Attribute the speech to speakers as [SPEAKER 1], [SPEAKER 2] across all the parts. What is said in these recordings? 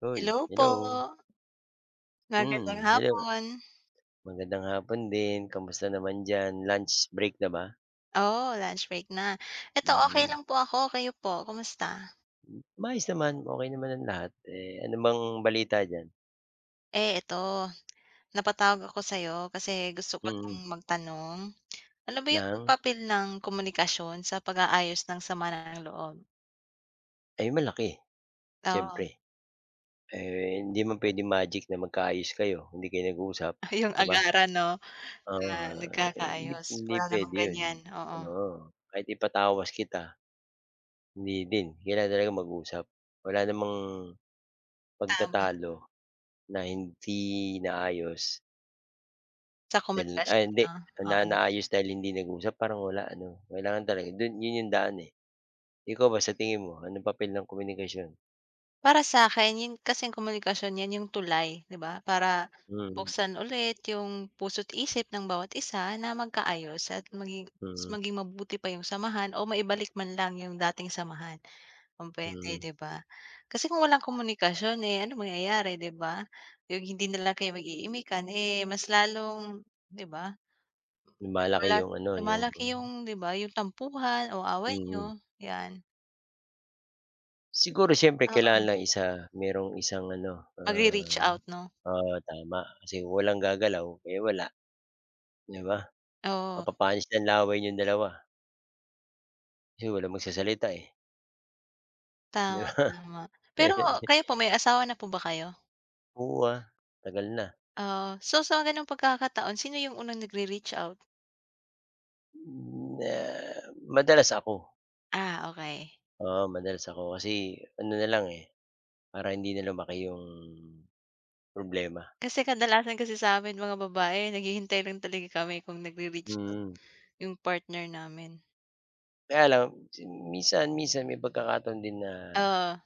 [SPEAKER 1] Hoy,
[SPEAKER 2] Hello po.
[SPEAKER 1] hello!
[SPEAKER 2] Magandang
[SPEAKER 1] Hmm, hello.
[SPEAKER 2] hapon.
[SPEAKER 1] Magandang hapon din. Kumusta naman diyan? Lunch break na ba?
[SPEAKER 2] Oo, lunch break na. Eto okey
[SPEAKER 1] Mhm.
[SPEAKER 2] lang po ako. Kayo po, kumusta?
[SPEAKER 1] Mm. Maayos naman, okey naman ang lahat. Eh, ano bang balita diyan?
[SPEAKER 2] Eh, eto, napatawag ako sayo kasi gusto ko
[SPEAKER 1] Mhm.
[SPEAKER 2] ng magtanong. Ano ba yung
[SPEAKER 1] Ng?
[SPEAKER 2] papel ng komunikasyon sa pag-aayos ng sama ng loob?
[SPEAKER 1] Ay malaki,
[SPEAKER 2] Oo.
[SPEAKER 1] siyempre. Eh, hindi man puwedeng magic na magkaayos kayo, hindi kayo nag-uusap,
[SPEAKER 2] Ay, yung
[SPEAKER 1] 'di ba?
[SPEAKER 2] agaran 'no?
[SPEAKER 1] Oo nga,
[SPEAKER 2] Na
[SPEAKER 1] eh, hindi
[SPEAKER 2] nagkakaayos,
[SPEAKER 1] hindi
[SPEAKER 2] wala
[SPEAKER 1] pwede
[SPEAKER 2] namang
[SPEAKER 1] yun,
[SPEAKER 2] ganyan, oo.
[SPEAKER 1] oo. Kahit ipatawas kita, hindi din. Kailangan talaga mag-usap, wala namang,
[SPEAKER 2] Tama.
[SPEAKER 1] pagtatalo na hindi naayos.
[SPEAKER 2] Sa
[SPEAKER 1] Dyan
[SPEAKER 2] komunikasyon
[SPEAKER 1] ay hindi.
[SPEAKER 2] 'no,
[SPEAKER 1] Na
[SPEAKER 2] oo.
[SPEAKER 1] naayos dahil hindi nag-usap? Parang wala ano? Kailangan talaga do'n 'yon 'yong daan eh. Ikaw ba sa tingin mo, anong papel ng komunikasyon?
[SPEAKER 2] Para sakin, yun kasing komunikasyon 'yan 'yong tulay, 'di ba? Para
[SPEAKER 1] Mhm.
[SPEAKER 2] buksan ulit 'yong puso't isip ng bawat isa na magkaayos at maging mas
[SPEAKER 1] Mhm
[SPEAKER 2] maging mabuti pa 'yong samahan o maibalik man lang 'yong dating samahan, kung puwede
[SPEAKER 1] Mm.
[SPEAKER 2] 'di ba? Kasi kung walang komunikasyon, eh, anong mangyayari 'di ba? Yung hindi na lang kayo mag-iimikan, eh, mas lalong 'di ba?
[SPEAKER 1] Lumalaki
[SPEAKER 2] Wala
[SPEAKER 1] yung ano, yung
[SPEAKER 2] lumalaki yung, 'di ba, yung tampuhan o away
[SPEAKER 1] Mhm.
[SPEAKER 2] niyo, yan.
[SPEAKER 1] Siguro siyempre kailangan
[SPEAKER 2] Oo.
[SPEAKER 1] lang isa mayro'ng isang ano,
[SPEAKER 2] Magre-reach
[SPEAKER 1] ah
[SPEAKER 2] out, 'no?
[SPEAKER 1] oo, tama. Kasi kung walang gagalaw, eh, wala. 'Di ba?
[SPEAKER 2] Oo.
[SPEAKER 1] Mapapanis lang laway niyong dalawa. Kasi walang magsasalita, eh. 'Di
[SPEAKER 2] Tama,
[SPEAKER 1] ba?
[SPEAKER 2] tama. Pero
[SPEAKER 1] Eh, di
[SPEAKER 2] kayo po may asawa na po ba kayo?
[SPEAKER 1] Oo, ah, tagal na.
[SPEAKER 2] Ah. So sa gano'ng pagkakataon sino 'yong unang nagre-reach out?
[SPEAKER 1] Hmm, ah, madalas ako.
[SPEAKER 2] Ah, okey.
[SPEAKER 1] Oo, madalas ako kasi ano na lang, eh, para hindi na lumaki 'yong problema.
[SPEAKER 2] Kasi kadalasan kasi sa'min mga babae, naghihintay rin talaga kami kung magre-reach out,
[SPEAKER 1] Mm.
[SPEAKER 2] 'yong partner namin.
[SPEAKER 1] Kaya lang [unintelligible] minsan minsan may pagkakataon din na,
[SPEAKER 2] Oo.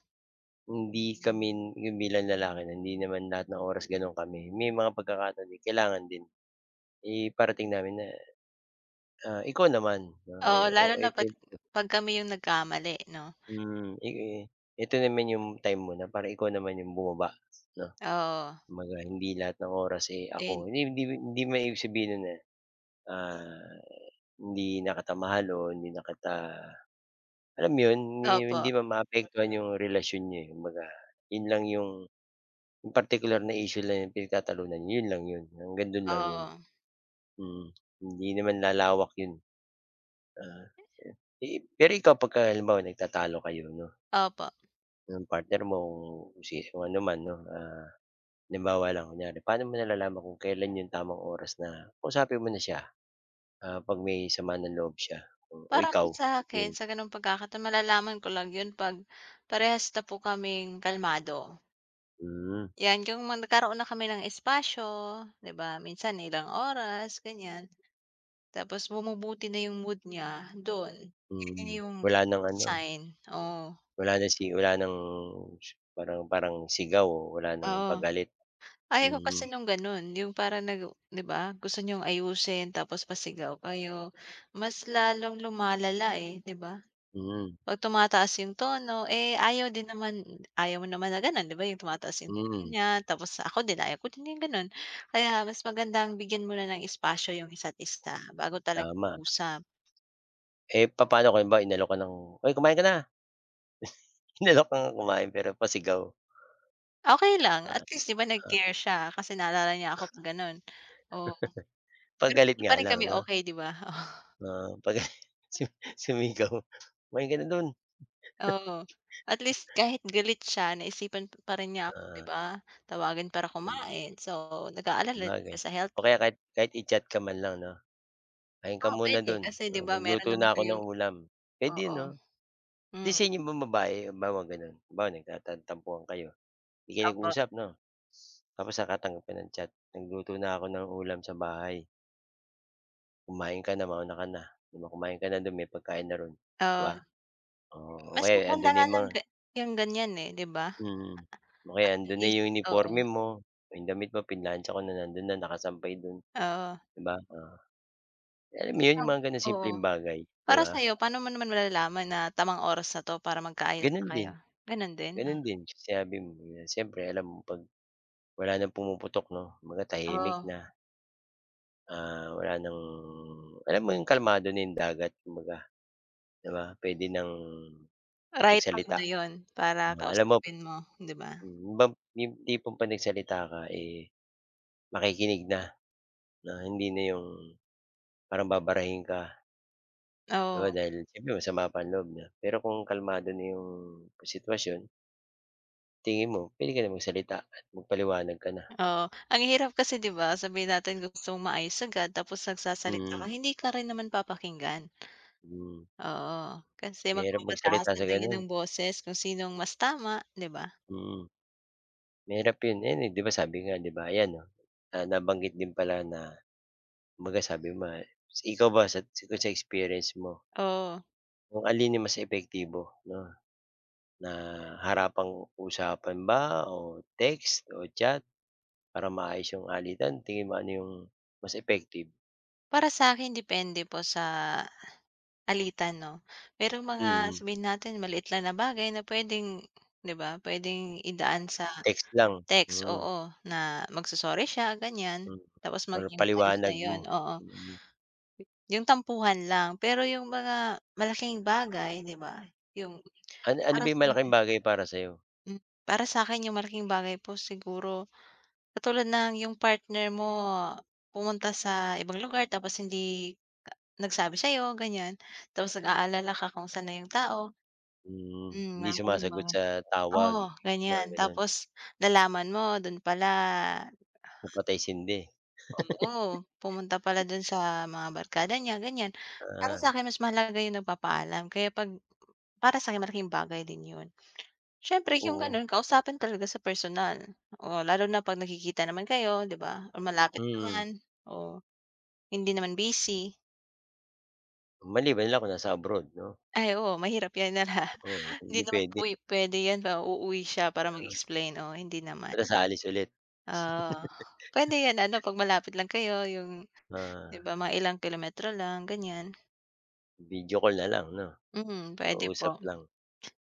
[SPEAKER 1] hindi kami n 'yong bilang lalaki na hindi naman lahat ng oras gano'n kami. May mga pagkakataon din kailangan din, iparating namin na, ah, ikaw naman. Ah,
[SPEAKER 2] Oo,
[SPEAKER 1] eh,
[SPEAKER 2] lalo
[SPEAKER 1] oh,
[SPEAKER 2] na
[SPEAKER 1] ito
[SPEAKER 2] 'pag
[SPEAKER 1] 'yong [unintelligible]
[SPEAKER 2] 'pag kami 'yong nagkamali, 'no?
[SPEAKER 1] Hmm, eh, ito naman 'yong time mo na para ikaw naman 'yong bumaba, 'no?
[SPEAKER 2] Oo.
[SPEAKER 1] Kumbaga hindi lahat ng oras, eh, ako.
[SPEAKER 2] And
[SPEAKER 1] Hindi man hindi man hindi naman ibig sabihin no'n na, ah, hindi na kita mahal o hindi na kita alam 'yon, hindi
[SPEAKER 2] Opo.
[SPEAKER 1] hindi man maapektuhan 'yong relasyon niyo, eh, kumbaga, 'yon lang 'yong 'yong partikular na issue lang 'yong pinagtatalunan, 'yon lang 'yon, hanggang do'n lang 'yon.
[SPEAKER 2] Oo.
[SPEAKER 1] Mm, hindi naman lalawak 'yon, eh. Ah, eh, eh, pero ikaw 'pagka halimbawa nagtatalo kayo, 'no
[SPEAKER 2] Opo.
[SPEAKER 1] Ng partner mo kung si kung ano man 'no. Ah, halimbawa lang kunyari, pa'no mo nalalaman kung kailan 'yong tamang oras na kausapin mo na siya? Ah, 'pag may sama ng loob siya o
[SPEAKER 2] Para po
[SPEAKER 1] ikaw,
[SPEAKER 2] sa
[SPEAKER 1] sa
[SPEAKER 2] akin
[SPEAKER 1] tingin mo?
[SPEAKER 2] sa ganong pagkakataon malalaman ko lang yun 'pag, parehas na po kaming kalmado.
[SPEAKER 1] Hmm.
[SPEAKER 2] 'Yan, yung mga nagkaroon na kami ng espasyo, 'di ba? Minsan ilang oras, ganyan. Tapos bumubuti na yung mood niya, du'n, 'yun na
[SPEAKER 1] Mhm,
[SPEAKER 2] yung
[SPEAKER 1] wala ng ano.
[SPEAKER 2] sign, oh.
[SPEAKER 1] Wala ng si wala ng parang parang sigaw o wala ng
[SPEAKER 2] Oo.
[SPEAKER 1] pagalit.
[SPEAKER 2] Ayaw ko
[SPEAKER 1] Mhm.
[SPEAKER 2] kasi nung ganon, yung parang nag u 'di ba? Gusto niyong ayusin tapos pasigaw kayo. Mas lalong lumalala, eh, 'di ba?
[SPEAKER 1] Mhm.
[SPEAKER 2] 'Pag tumataas yung tono, eh, ayaw din naman ayaw mo naman na ganon, 'di ba yung tumataas yung tono
[SPEAKER 1] Hmm.
[SPEAKER 2] niya, tapos ako din, ayaw ko din yung ganon. Kaya mas magandang bigyan muna ng espasyo yung isa't-isa bago talaga
[SPEAKER 1] Tama.
[SPEAKER 2] mag-usap.
[SPEAKER 1] Eh, papano, kung halimbawa inalok ka ng, "Hoy! kumain ka na!" Inalok ka ngang kumain pero pasigaw.
[SPEAKER 2] Okey lang, at
[SPEAKER 1] At
[SPEAKER 2] least 'di ba
[SPEAKER 1] ah
[SPEAKER 2] nag-care siya. Kasi naalala niya ako 'pag ganon, oo. Pero
[SPEAKER 1] 'Pagalit
[SPEAKER 2] hindi pa
[SPEAKER 1] nga
[SPEAKER 2] rin
[SPEAKER 1] lang
[SPEAKER 2] kami
[SPEAKER 1] 'no?
[SPEAKER 2] okey 'di ba, oh.
[SPEAKER 1] Oo, 'pagalit su sumigaw. "Kumain ka na dun!"
[SPEAKER 2] Oo, at least kahit galit siya naisipan pa rin niya ako 'di
[SPEAKER 1] Ah.
[SPEAKER 2] ba? Tawagin para
[SPEAKER 1] Hmm.
[SPEAKER 2] kumain, so nag-aalala rin sya
[SPEAKER 1] Sabagay,
[SPEAKER 2] sa health
[SPEAKER 1] o
[SPEAKER 2] ko.
[SPEAKER 1] kaya kahit kahit i-chat ka man lang 'no? "Kain ka
[SPEAKER 2] Oo,
[SPEAKER 1] muna
[SPEAKER 2] puwede,
[SPEAKER 1] do'n,
[SPEAKER 2] kasi 'di ba meron
[SPEAKER 1] nagluto na
[SPEAKER 2] naman
[SPEAKER 1] ako
[SPEAKER 2] kayong
[SPEAKER 1] ng ulam." Puwede
[SPEAKER 2] oo.
[SPEAKER 1] 'no? 'Di
[SPEAKER 2] Hmm.
[SPEAKER 1] sa inyo bang babae, halimbawa gano'n, halimbawa nagtantan tampuhan kayo, 'di kayo
[SPEAKER 2] Opo.
[SPEAKER 1] nag-usap 'no? Tapos nakatanggap ka ng chat, "Nagluto na ko ng ulam sa bahay." "Kumain ka na, mauna ka na." 'Di ba? "Kumain ka na do'n. May pagkain na ro'n." 'Di
[SPEAKER 2] Oo.
[SPEAKER 1] ba? Oo. O
[SPEAKER 2] Mas
[SPEAKER 1] kaya, 'yong,
[SPEAKER 2] maganda
[SPEAKER 1] "'Ando'n na
[SPEAKER 2] nga
[SPEAKER 1] 'yong
[SPEAKER 2] ng
[SPEAKER 1] mga"
[SPEAKER 2] ga 'yong ganiyan, eh, 'di ba?
[SPEAKER 1] Mm. O kaya
[SPEAKER 2] At
[SPEAKER 1] 'yong, "'Andoon na
[SPEAKER 2] least,
[SPEAKER 1] 'yong
[SPEAKER 2] oo.
[SPEAKER 1] uniporme mo. Ang damit mo pinlantsa ko na, nando'n na nakasampay do'n."
[SPEAKER 2] Oo.
[SPEAKER 1] 'Di ba? Oo. Eh, alam mo 'yon
[SPEAKER 2] Ah,
[SPEAKER 1] 'yong mga gano'ng simpleng
[SPEAKER 2] oo.
[SPEAKER 1] bagay, 'di
[SPEAKER 2] Para
[SPEAKER 1] ba?
[SPEAKER 2] sa'yo, pa'no mo naman malalaman na tamang oras na 'to para magkaayos na
[SPEAKER 1] Gano'n din.
[SPEAKER 2] kayo? Gano'n din? Ah.
[SPEAKER 1] Gano'n din, yung sinabi mo, eh, ah, siyempre alam mo 'pag, wala nang pumuputok, 'no? Kumbaga tahimik
[SPEAKER 2] Oh.
[SPEAKER 1] na. Ah, wala nang alam mo 'yong kalmado na dagat kumbaga. 'Di ba? Puwede nang
[SPEAKER 2] Right time
[SPEAKER 1] magsalita.
[SPEAKER 2] na 'yon para
[SPEAKER 1] Ah, alam mo
[SPEAKER 2] kausapin mo, 'di ba?
[SPEAKER 1] hmm, 'yon bang 'yong tipong 'pag nagsalita ka, eh, makikinig na, na hindi na 'yong, parang babarahin ka. 'Di ba
[SPEAKER 2] Oo.
[SPEAKER 1] dahil siyempre dahil masama pa ang loob niya, pero kung kalmado na 'yong sitwasyon tingin mo puwede ka na magsalita at magpaliwanag ka na.
[SPEAKER 2] Oo, ang hirap kasi, 'di ba? Sabihin natin gusto mong maayos agad, tapos nagsasalita
[SPEAKER 1] Mm.
[SPEAKER 2] ka hindi ka rin naman papakinggan.
[SPEAKER 1] Hmm.
[SPEAKER 2] Oo, kasi
[SPEAKER 1] Mahirap magsalita
[SPEAKER 2] magpapataasan
[SPEAKER 1] sa
[SPEAKER 2] na 'yan ng
[SPEAKER 1] gano'n.
[SPEAKER 2] boses kung sinong mas tama, 'di ba?
[SPEAKER 1] Mm. Mahirap 'yon. Eh, ni di ba sabi nga 'di ba, ayan, oh, ah, nabanggit din pala na, kumbaga sabi mo, ah ikaw ba sa kung sa experience mo
[SPEAKER 2] Oo.
[SPEAKER 1] Kung alin yung mas epektibo 'no? Na harapang-usapan ba, o text, o chat, para maayos yung alitan. Tingin mo, ano yung mas effective?
[SPEAKER 2] Para sa'kin depende po sa alitan 'no, pero mga
[SPEAKER 1] Mm.
[SPEAKER 2] sabihin natin maliit lang na bagay na pwedeng 'diba, pwedeng idaan sa
[SPEAKER 1] Text lang,
[SPEAKER 2] text,
[SPEAKER 1] mm.
[SPEAKER 2] oo, na magso-sorry siya ganyan,
[SPEAKER 1] Mm.
[SPEAKER 2] tapos
[SPEAKER 1] Or
[SPEAKER 2] maging ayos na
[SPEAKER 1] paliwanag mo,
[SPEAKER 2] yun, oo.
[SPEAKER 1] mm.
[SPEAKER 2] Yung tampuhan lang, pero yung mga malaking bagay, 'di ba? Yung
[SPEAKER 1] An ano ba
[SPEAKER 2] para
[SPEAKER 1] 'yong malaking
[SPEAKER 2] sa'kin
[SPEAKER 1] bagay para sa 'yo?
[SPEAKER 2] Para sa'kin yung malaking bagay po siguro, katulad ng yung partner mo, pumunta sa ibang lugar tapos hindi nagsabi sa'yo, ganyan. Tapos nag-aalala ka kung sa'n na yung tao.
[SPEAKER 1] Hmm.
[SPEAKER 2] Hmm,
[SPEAKER 1] Hindi
[SPEAKER 2] mga gano'ng
[SPEAKER 1] sumasagot
[SPEAKER 2] bagay.
[SPEAKER 1] sa tawag,
[SPEAKER 2] Oo,
[SPEAKER 1] mga
[SPEAKER 2] ganyan.
[SPEAKER 1] gano'n.
[SPEAKER 2] Tapos nalaman mo, dun pala.
[SPEAKER 1] Na patay-sindi.
[SPEAKER 2] Oo, pumunta pala dun sa mga barkada niya, ganyan. Para
[SPEAKER 1] Ah.
[SPEAKER 2] sakin mas mahalaga yung nagpapaalam, kaya 'pag para sakin malaking bagay din yun. Siyempre yung
[SPEAKER 1] Oo.
[SPEAKER 2] gano'n, kausapin talaga sa personal o lalo na pag nagkikita naman kayo diba o malapit
[SPEAKER 1] Mm.
[SPEAKER 2] naman. Oh. Hindi naman busy.
[SPEAKER 1] Maliban na lang kung nasa abroad, 'no?
[SPEAKER 2] Ay, oo, mahirap 'yan na na
[SPEAKER 1] Oo,
[SPEAKER 2] hindi
[SPEAKER 1] hindi
[SPEAKER 2] naman
[SPEAKER 1] puwede.
[SPEAKER 2] puwi puwede 'yan na uuwi siya para
[SPEAKER 1] Kaya
[SPEAKER 2] mag-explain. Oo, hindi naman.
[SPEAKER 1] Tapos aalis ulit.
[SPEAKER 2] Oo, puwede 'yon ano, 'pag malapit lang kayo, 'yong
[SPEAKER 1] Ah.
[SPEAKER 2] 'di ba, mga ilang kilometro lang, ganiyan.
[SPEAKER 1] Video call na lang, 'no.
[SPEAKER 2] Mhm, puwede
[SPEAKER 1] Kausap
[SPEAKER 2] po.
[SPEAKER 1] lang.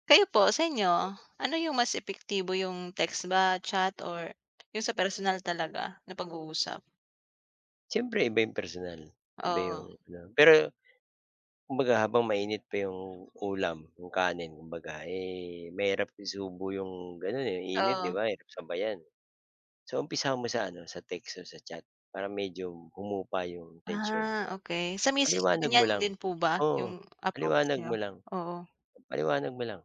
[SPEAKER 2] Kayo po, sa inyo, ano 'yong mas epektibo, 'yong text ba, chat or 'yong sa personal talaga na pag-uusap?
[SPEAKER 1] Siyempre iba 'yong personal, iba 'yong
[SPEAKER 2] Oo.
[SPEAKER 1] ano. Pero, kumbaga habang mainit pa 'yong ulam, 'yong kanin, kumbaga, eh, mahirap isubo 'yong gano'n, eh, init, 'di
[SPEAKER 2] Oo.
[SPEAKER 1] ba? Mahirap sabayan. So umpisahan mo sa, ano, sa text o sa chat, para medyo humupa 'yong tensyon, 'di
[SPEAKER 2] Ah,
[SPEAKER 1] ba?
[SPEAKER 2] okey. Sa misis nyo
[SPEAKER 1] Paliwanag
[SPEAKER 2] din
[SPEAKER 1] mo
[SPEAKER 2] yan
[SPEAKER 1] lang,
[SPEAKER 2] din po ba
[SPEAKER 1] oo,
[SPEAKER 2] 'yong approach
[SPEAKER 1] paliwanag
[SPEAKER 2] niyo?
[SPEAKER 1] mo lang.
[SPEAKER 2] Oo.
[SPEAKER 1] Paliwanag mo lang.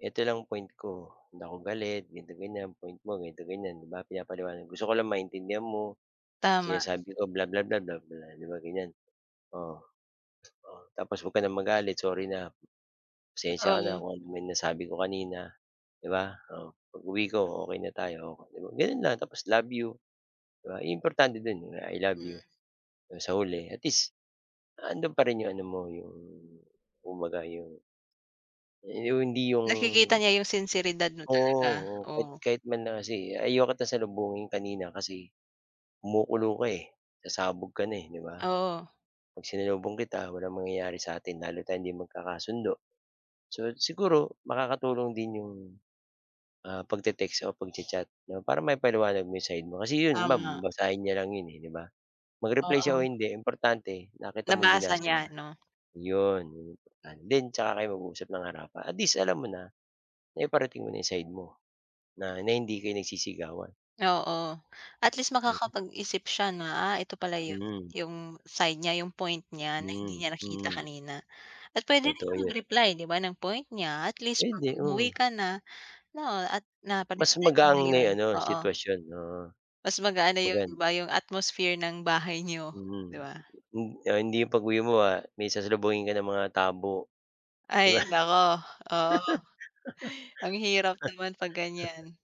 [SPEAKER 1] "Ito lang point ko. Hindi ako galit, ganito, ganiyan. Point mo, ganito, ganiyan." 'Di ba? Pinapaliwanag. "Gusto ko lang maintindihan mo,
[SPEAKER 2] Tama.
[SPEAKER 1] sinasabi ko, blah, blah, blah, blah, blah." 'Di ba, ganiyan. Oo. Tapos, "Huwag ka nang magalit. Sorry na. Pasensiya ka na
[SPEAKER 2] Oo.
[SPEAKER 1] kung ano man nasabi ko kanina." 'Di ba, oh, "Pag-uwi ko, okey na tayo." 'Di ba, gano'n lang tapos, "love you." 'Di ba? Iyon importante do'n, eh, "I I love
[SPEAKER 2] Hmm.
[SPEAKER 1] you" do'n sa huli. At least 'andoon pa rin 'yong ano mo 'yong, kumbaga, 'yong yong hindi 'yong
[SPEAKER 2] Nakikita niya 'yong sinseridad mo
[SPEAKER 1] Oo,
[SPEAKER 2] talaga,
[SPEAKER 1] oo, kahit
[SPEAKER 2] oo.
[SPEAKER 1] kahit man lang kasi, "Ayaw kita salubungin kanina kasi, kumukulo ka, eh, sasabog ka na, eh, 'di ba?
[SPEAKER 2] Oo.
[SPEAKER 1] 'Pag sinalubong kita, walang mangyayari sa'tin. Lalo tayong hindi magkakasundo." So, siguro makakatulong din 'yong, ah, pagte-text o pagcha-chat, 'no, para maipaliwanag mo 'yong side mo. Kasi 'yon, mab
[SPEAKER 2] Tama.
[SPEAKER 1] babasahin niya lang 'yon, eh, 'di ba? Mag-reply siya o
[SPEAKER 2] Oo.
[SPEAKER 1] hindi importante nakita mong
[SPEAKER 2] Nabasa
[SPEAKER 1] binasa niya.
[SPEAKER 2] niya, 'no?
[SPEAKER 1] Yon, yon yung importante, then 'tsaka kayo mag-uusap ng harapan. At least alam mo na, naiparating mo na 'yong side mo, na na hindi kayo nagsisigawan.
[SPEAKER 2] Oo. At least
[SPEAKER 1] [unintelligible]
[SPEAKER 2] makakapag-isip siya na, "ah, ito pala 'yon,"
[SPEAKER 1] Mhm.
[SPEAKER 2] 'yong side niya, 'yong point niya na
[SPEAKER 1] Mm,
[SPEAKER 2] hindi niya nakikita
[SPEAKER 1] hmm.
[SPEAKER 2] kanina. At puwede din
[SPEAKER 1] Totoo
[SPEAKER 2] siya
[SPEAKER 1] 'yon.
[SPEAKER 2] mag-reply, 'di ba, ng point niya. At least 'pag
[SPEAKER 1] Pwede, oo.
[SPEAKER 2] umuwi ka na, 'no, at na
[SPEAKER 1] Mas
[SPEAKER 2] panimulan nyo na
[SPEAKER 1] magaang na
[SPEAKER 2] yon,
[SPEAKER 1] ano
[SPEAKER 2] oo.
[SPEAKER 1] sitwasyon, oo.
[SPEAKER 2] Mas magaan na 'yon
[SPEAKER 1] Magaan.
[SPEAKER 2] 'ba, 'yong atmosphere ng bahay niyo,
[SPEAKER 1] Mm.
[SPEAKER 2] 'di ba?
[SPEAKER 1] Hin oh, hindi 'yong pag-uwi mo, ah, may sasalubungin ka na mga tabo, 'di ba?
[SPEAKER 2] Ay, naku, oo. Ang hirap naman 'pag ganiyan.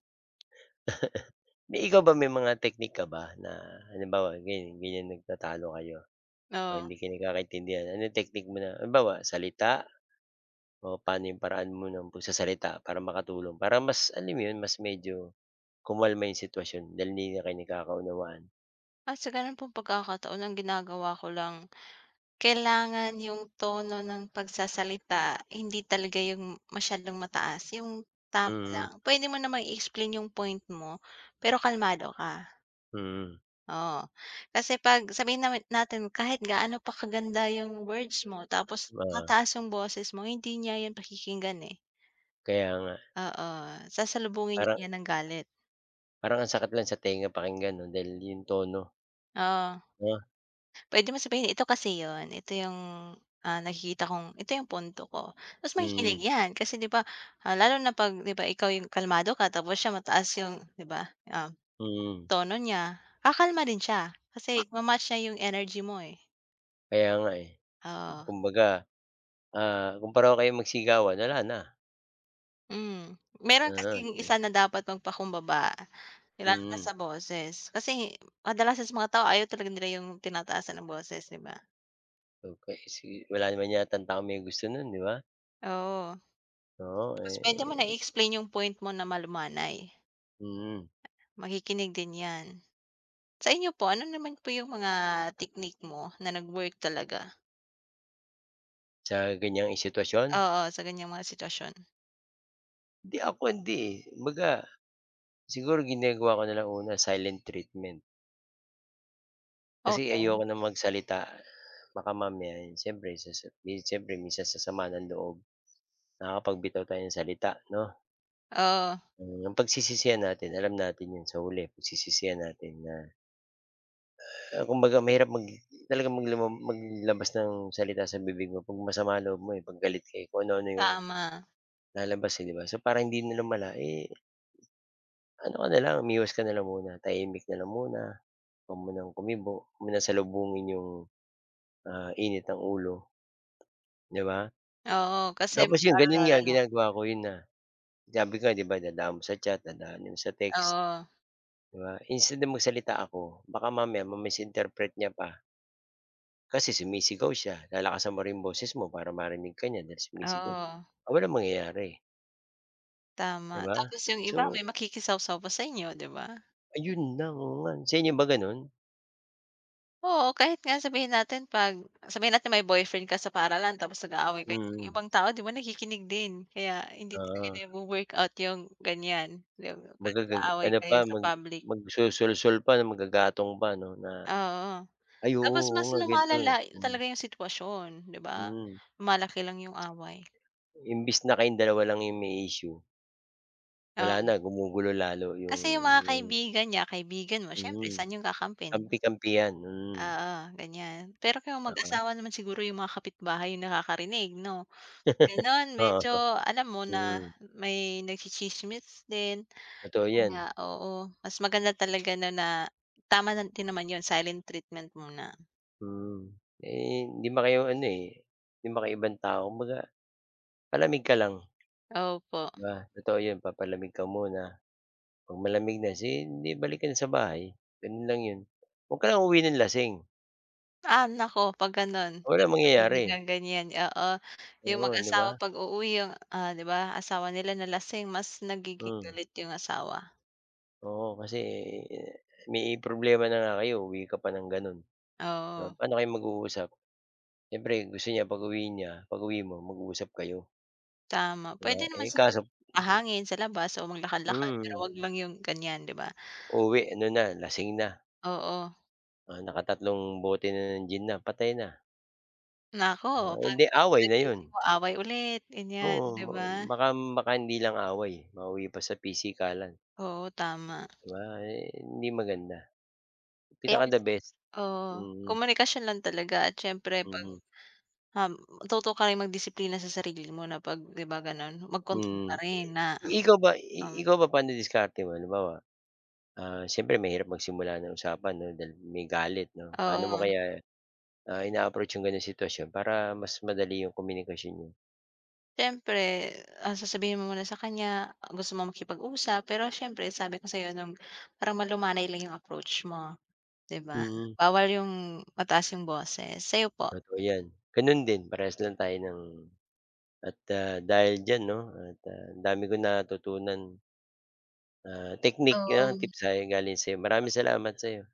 [SPEAKER 1] May ikaw ba may mga technique ka ba na, halimbawa, ganiyan ganiyan nagtatalo kayo o hindi
[SPEAKER 2] Oo.
[SPEAKER 1] kayo nagkakaintindihan. Ano technique mo na halimbawa, salita o pa'no 'yong paraan mo ng pagsasalita para makatulong, para mas alam mo 'yon, mas medyo kumalma 'yong sitwasyon, dahil hindi na kayo nagkakaunawaan?
[SPEAKER 2] Ah, sa ganun pong pagkakataon ang ginagawa ko lang, kailangan yung tono ng pagsasalita hindi talaga yung masyadong mataas yung tama
[SPEAKER 1] Mhm.
[SPEAKER 2] lang. Pwede mo namang i-explain yung point mo, pero kalmado ka.
[SPEAKER 1] Mhm.
[SPEAKER 2] Oo, kasi 'pag sabihin na [unintelligible] natin kahit gaano pa kaganda yung words mo, tapos
[SPEAKER 1] Oo.
[SPEAKER 2] mataas yung boses mo hindi niya yung pakikinggan, eh.
[SPEAKER 1] Kaya nga.
[SPEAKER 2] Oo, sasalubungin
[SPEAKER 1] Parang
[SPEAKER 2] nya yan ng galit.
[SPEAKER 1] Parang ang sakit lang sa tenga pakinggan 'no? Dahil 'yong tono.
[SPEAKER 2] Oo.
[SPEAKER 1] Oh.
[SPEAKER 2] Pwede mo sabihin, "Ito kasi yun, ito yung, ah, nakikita kong ito yung punto ko." Mas makikinig
[SPEAKER 1] Mhm.
[SPEAKER 2] yan. Kasi 'di ba ah, lalo na 'pag 'di ba Ikaw yung kalmado ka tapos siya mataas yung 'di ba yung,
[SPEAKER 1] Mhm.
[SPEAKER 2] tono niya, kakalma rin siya, kasi ma-match niya yung energy mo, eh.
[SPEAKER 1] Kaya nga eh,
[SPEAKER 2] Oo.
[SPEAKER 1] kumbaga, ah, kung pareho kayong magsigawan, wala na.
[SPEAKER 2] Mhm, meron kasing isa
[SPEAKER 1] [unintelligible]
[SPEAKER 2] na dapat magpakumbaba, kailangan
[SPEAKER 1] Mhm.
[SPEAKER 2] sa boses. Kasi, madalas kasi sa mga tao ayaw talaga nila yung tinataasan ng boses 'di ba?
[SPEAKER 1] Okey, sige wala naman yatang taong may gusto no'n, 'di ba?
[SPEAKER 2] Oo.
[SPEAKER 1] Oo,
[SPEAKER 2] Tapos puwede mo na
[SPEAKER 1] eh
[SPEAKER 2] i-explain 'yong point mo na malumanay.
[SPEAKER 1] Mm.
[SPEAKER 2] Makikinig din 'yan. Sa inyo po, ano naman po 'yong mga technique mo na nag-work talaga?
[SPEAKER 1] Sa ganiyang i sitwasyon.
[SPEAKER 2] Oo, sa ganiyang mga sitwasyon.
[SPEAKER 1] Hindi, ako hindi, eh. Kumbaga, siguro ginagawa ko na lang una silent treatment. Kasi ayoko
[SPEAKER 2] Okey.
[SPEAKER 1] nang magsalita. Baka mamaya, 'yon siyempre, sasa mi siyempre minsan sasama ng loob, nakakapagbitaw tayo ng salita, 'no?
[SPEAKER 2] Oo.
[SPEAKER 1] Eh, 'yong pagsisisihan natin alam natin 'yon, sa huli pagsisisihan natin na, kumbaga mahirap mag talaga maglamang maglabas ng salita sa bibig mo 'pag masama ang loob mo, eh, 'pag galit ka, eh. Kung ano-ano 'yong
[SPEAKER 2] Tama.
[SPEAKER 1] lalabas, eh, 'di ba? So para hindi na lumala, eh ano ka na lang, umiwas ka na lang muna. Tahimik na lang muna. Huwag munang kumibo. Huwag mo nang salubungin 'yong, ah, init ng ulo, 'di ba?
[SPEAKER 2] Oo, kasi
[SPEAKER 1] Tapos 'yon,
[SPEAKER 2] lalong
[SPEAKER 1] gano'n nga
[SPEAKER 2] lalala.
[SPEAKER 1] ginagawa ko, 'yon na. Ang sabi ko, 'di ba, dadaan mo sa chat, dadaan mo sa text,
[SPEAKER 2] Oo.
[SPEAKER 1] 'di ba? Instead na magsalita ako, baka mamaya ma misinterpret niya pa. Kasi sumisigaw siya, lalakasan mo rin yung boses mo, para marinig ka niya, dahil sumisigaw siya.
[SPEAKER 2] Oo.
[SPEAKER 1] Ah, walang mangyayari. 'Di
[SPEAKER 2] Tama.
[SPEAKER 1] ba?
[SPEAKER 2] Tapos yung iba,
[SPEAKER 1] So
[SPEAKER 2] may makikisawsaw pa sa inyo, 'di ba?
[SPEAKER 1] Ayun lang, oo nga 'no, sa inyo ba gano'n?
[SPEAKER 2] Oo, kahit nga sabihin natin, 'pag sabihin natin, may boyfriend ka sa paaralan, tapos nag-aaway kayo, yung
[SPEAKER 1] Mm.
[SPEAKER 2] ibang tao, 'di ba, nakikinig din, kaya hindi
[SPEAKER 1] Oo.
[SPEAKER 2] din nagwo-workout yung ganyan, yung 'pag
[SPEAKER 1] Magagag
[SPEAKER 2] nag-aaway
[SPEAKER 1] ano
[SPEAKER 2] kayo
[SPEAKER 1] pa,
[SPEAKER 2] sa
[SPEAKER 1] mag
[SPEAKER 2] public.
[SPEAKER 1] magsusulsol pa na maggagatong pa, 'no, na
[SPEAKER 2] Oo.
[SPEAKER 1] ay, oo,
[SPEAKER 2] Tapos
[SPEAKER 1] oo
[SPEAKER 2] mas
[SPEAKER 1] nga, gan'to yan,
[SPEAKER 2] lumalala
[SPEAKER 1] hmm.
[SPEAKER 2] talaga yung sitwasyon, 'di ba?
[SPEAKER 1] Hmm.
[SPEAKER 2] Lumalaki lang yung away.
[SPEAKER 1] Imbes na kayong dalawa lang yung may issue wala na,
[SPEAKER 2] Oo.
[SPEAKER 1] gumugulo lalo yung
[SPEAKER 2] Kasi yung mga
[SPEAKER 1] yung
[SPEAKER 2] kaibigan niya, kaibigan mo, siyempre
[SPEAKER 1] Hmm,
[SPEAKER 2] saan yung kakampihan.
[SPEAKER 1] kampi-kampihan, hmm.
[SPEAKER 2] Oo, ganyan, pero kung
[SPEAKER 1] Na kay
[SPEAKER 2] mag-asawa naman siguro, yung mga kapitbahay yung nakakarinig, 'no? Gano'n,
[SPEAKER 1] Oo,
[SPEAKER 2] medyo, alam mo na
[SPEAKER 1] hmm.
[SPEAKER 2] may nagtsitsismis din.
[SPEAKER 1] Totoo
[SPEAKER 2] 'Yon nga,
[SPEAKER 1] 'yan.
[SPEAKER 2] oo, mas maganda talaga, 'no, na tama na din naman 'yon, silent treatment muna.
[SPEAKER 1] Hmm, eh, hindi 'man kayo ano, eh, 'di 'man kayo ibang tao, kumbaga, palamig ka lang.
[SPEAKER 2] Opo.
[SPEAKER 1] 'Di ba? Totoo 'yon, papalamig ka muna, 'pag malamig na, sin 'di balik ka na sa bahay, gano'n lang 'yon. Huwag ka lang uuwi ng lasing.
[SPEAKER 2] Ah, naku 'pag ganun,
[SPEAKER 1] Walang
[SPEAKER 2] [unintelligible]
[SPEAKER 1] mangyayari.
[SPEAKER 2] ng ganyan oo,' yung
[SPEAKER 1] Oo, 'di
[SPEAKER 2] mag-asawa
[SPEAKER 1] ba?
[SPEAKER 2] pag-uuwi 'yun, ah, 'di ba, asawa nila na lasing mas nagiging
[SPEAKER 1] Hmm.
[SPEAKER 2] galit yung asawa.
[SPEAKER 1] Oo, kasi may problema na nga kayo uuwi ka pa ng gano'n. Oh,
[SPEAKER 2] Oo.
[SPEAKER 1] pa'no kayo mag-uusap, siyempre gusto niya pag-uwi niya, pag-uwi mo, mag-uusap kayo.
[SPEAKER 2] Tama,
[SPEAKER 1] 'Di ba,
[SPEAKER 2] pwede naman
[SPEAKER 1] eh,
[SPEAKER 2] siguro
[SPEAKER 1] kaso.
[SPEAKER 2] magpahangin sa labas, o maglakad-lakad pero
[SPEAKER 1] Hmm.
[SPEAKER 2] 'wag lang yun ganyan, 'di ba?
[SPEAKER 1] Uuwi ano na, lasing na.
[SPEAKER 2] Oo.
[SPEAKER 1] Naka-3 bote na ng gin na, patay na.
[SPEAKER 2] Naku,
[SPEAKER 1] Ah, hindi away na 'yon.
[SPEAKER 2] pagkagising mo away ulit ganyan,
[SPEAKER 1] Oo,
[SPEAKER 2] 'di ba?
[SPEAKER 1] ma baka baka hindi lang away, eh, mauwi pa sa pisikalan.
[SPEAKER 2] Oo tama.
[SPEAKER 1] 'Di ba, eh, hindi maganda,
[SPEAKER 2] Kaya
[SPEAKER 1] pinaka the
[SPEAKER 2] mas mag
[SPEAKER 1] best
[SPEAKER 2] Oo,
[SPEAKER 1] hmm.
[SPEAKER 2] komunikasyon lang talaga at syempre 'pag,
[SPEAKER 1] Mhm.
[SPEAKER 2] um, matuto ka ring magdisiplina sa sarili mo na, 'pag 'di ba, ganon? Magkontol pa
[SPEAKER 1] Mm,
[SPEAKER 2] rin na,
[SPEAKER 1] i ikaw ba i
[SPEAKER 2] um.
[SPEAKER 1] ikaw ba pa'no diskarte mo halimbawa, ah, siyempre mahirap magsimula ng usapan 'no, dahil may galit 'no, paano mo
[SPEAKER 2] Oo.
[SPEAKER 1] kaya, ah, ina-approach 'yong gano'ng sitwasyon para mas madali 'komunikasyon niyo?
[SPEAKER 2] Siyempre, ah, sasabihin mo muna sa kanya, gusto mong makipag-usap, pero syempre sabi ko sa'yo 'no, parang malumanay lang yung approach mo, 'di ba?
[SPEAKER 1] Mm.
[SPEAKER 2] Bawal 'yung mataas 'yung boses sa'yo po?
[SPEAKER 1] Totoo, 'yan gano'n din, parehas lang tayo ng at, ah, dahil diyan 'no, at, ah, ang dami kong natutunan. Ah, technique 'yan
[SPEAKER 2] Oo.
[SPEAKER 1] tips, sa galing sa'yo, maraming salamat sa'yo.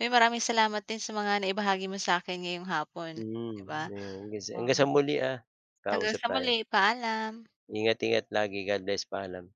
[SPEAKER 2] Ay, maraming salamat 'din sa mga naibahagi mo sa'kin ngayong hapon, di
[SPEAKER 1] Hmm,
[SPEAKER 2] ba?
[SPEAKER 1] ge, hanggan sa hanggang sa
[SPEAKER 2] Um.
[SPEAKER 1] muli, ah,
[SPEAKER 2] Hanggang
[SPEAKER 1] kausap
[SPEAKER 2] sa
[SPEAKER 1] tayo.
[SPEAKER 2] muli paalam.
[SPEAKER 1] Ingat-ingat lagi, Godbless, paalam.